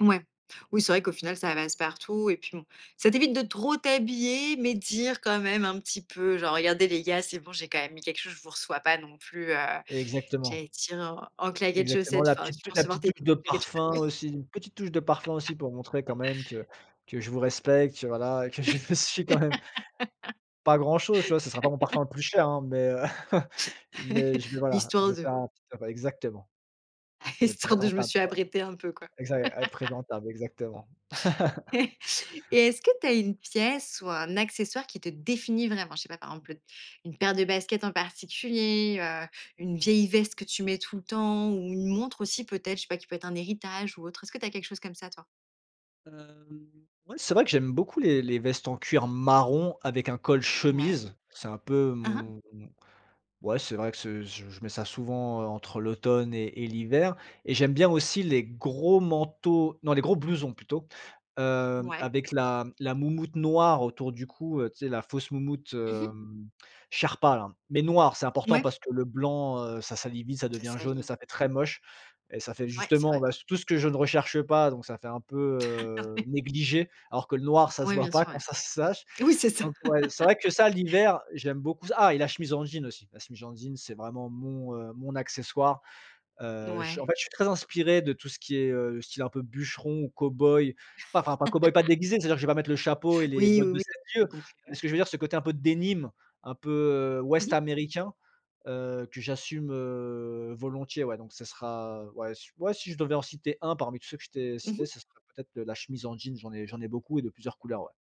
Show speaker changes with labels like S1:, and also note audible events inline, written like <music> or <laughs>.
S1: Ouais. Oui, c'est vrai qu'au final, ça passe partout et puis bon. Ça t'évite de trop t'habiller mais de dire, quand même un petit peu, genre: «Regardez, les gars, c'est bon, j'ai quand même mis quelque chose. Je vous reçois pas non plus, heu»
S2: Exactement.
S1: J'allais te dire: «En en claquettes
S2: Exactement,
S1: chaussettes».
S2: la
S1: Enfin,
S2: petite
S1: tu
S2: tou
S1: peux
S2: la
S1: recevoir
S2: petite
S1: tes
S2: touche de parfum
S1: <unintelligible>
S2: aussi, une petite touche de parfum
S1: <laughs>
S2: aussi pour montrer, quand même, que que je vous respecte, que, voilà, que je me suis quand même pas grand chose, tu vois? Ce sera pas mon
S1: <laughs>
S2: parfum le plus cher, hein, mais heu, <chuckles> mais je vais,
S1: <laughs>
S2: voilà,
S1: Histoire
S2: je vais
S1: de
S2: faire un petit e exactement. Être
S1: Histoire de je me
S2: présentable,
S1: suis
S2: quoi.
S1: aprêté un peu, quoi.
S2: Exac ê être
S1: <laughs>
S2: présentable, exactement. <laughs>
S1: <chuckles> Et est-ce que tu as une pièce ou un accessoire qui te définit vraiment? Je sais pas, par exemple, le une paire de baskets en particulier, heu, une vieille veste que tu mets tout le temps ou une montre aussi, peut-être, je sais pas, qui peut être un héritage ou autre? Est-ce que tu as quelque chose comme ça, toi?
S2: Hem, ouais, c'est vrai que j'aime beaucoup les les vestes en cuir marron avec un col
S1: Ouais.
S2: chemise, c'est un peu
S1: Hein, hein.
S2: mon ouais, c'est vrai que c'est je je mets ça souvent, heu, entre l'automne et et l'hiver et j'aime bien aussi les gros manteaux non, les gros blousons plutôt, hem
S1: Ouais.
S2: avec la la moumoute noire autour du cou, heu, tu sais, la fausse moumoute,
S1: Mmh mh.
S2: hem, Sherpa, là mais noire. C'est important
S1: Ouais.
S2: parce que le blanc, heu, ça salit vite. Ça
S1: Ça
S2: devient jaune
S1: salit,
S2: et
S1: hein.
S2: ça fait très moche et ça fait
S1: Ouais, c'est
S2: justement,
S1: vrai.
S2: bah, tout ce que je ne recherche pas donc ça fait un peu,
S1: Ah
S2: heu,
S1: oui.
S2: négligé alors que le noir, ça se
S1: Oui,
S2: voit
S1: bien
S2: pas
S1: sûr,
S2: quand
S1: ouais.
S2: ça se s tâche.
S1: Oui, c'est ça.
S2: Donc ouais, c'est vrai que
S1: <laughs>
S2: ça l'hiver, j'aime beaucoup ah et la chemise en jean aussi! La chemise en jean, c'est vraiment mon, heu, mon accessoire. Heu, je en
S1: Ouais.
S2: fait, je suis très inspiré de tout ce qui est, heu, style un peu bûcheron ou cowboy, pas enfin pas cowboy, pas
S1: <laughs>
S2: déguisé, c'est-à-dire que je vais mettre le chapeau et les
S1: Oui,
S2: bottes
S1: oui,
S2: de
S1: oui,
S2: 7
S1: j'avais
S2: lieues
S1: compris,
S2: mais
S1: ouais.
S2: ce je veux dire, ce côté un peu denim, un peu, heu,
S1: Mmh
S2: ouest
S1: mh.
S2: américain, heu, que j'assume, heu, volontiers. Ouais donc ça sera, heu, ouais, si j ouais, si je devais en citer un parmi tous ceux que je t'ai
S1: Mmh
S2: cités,
S1: mh.
S2: ça serait peut-être, heu, la chemise en jean, j'en j'en ai beaucoup et de plusieurs couleurs, ouais.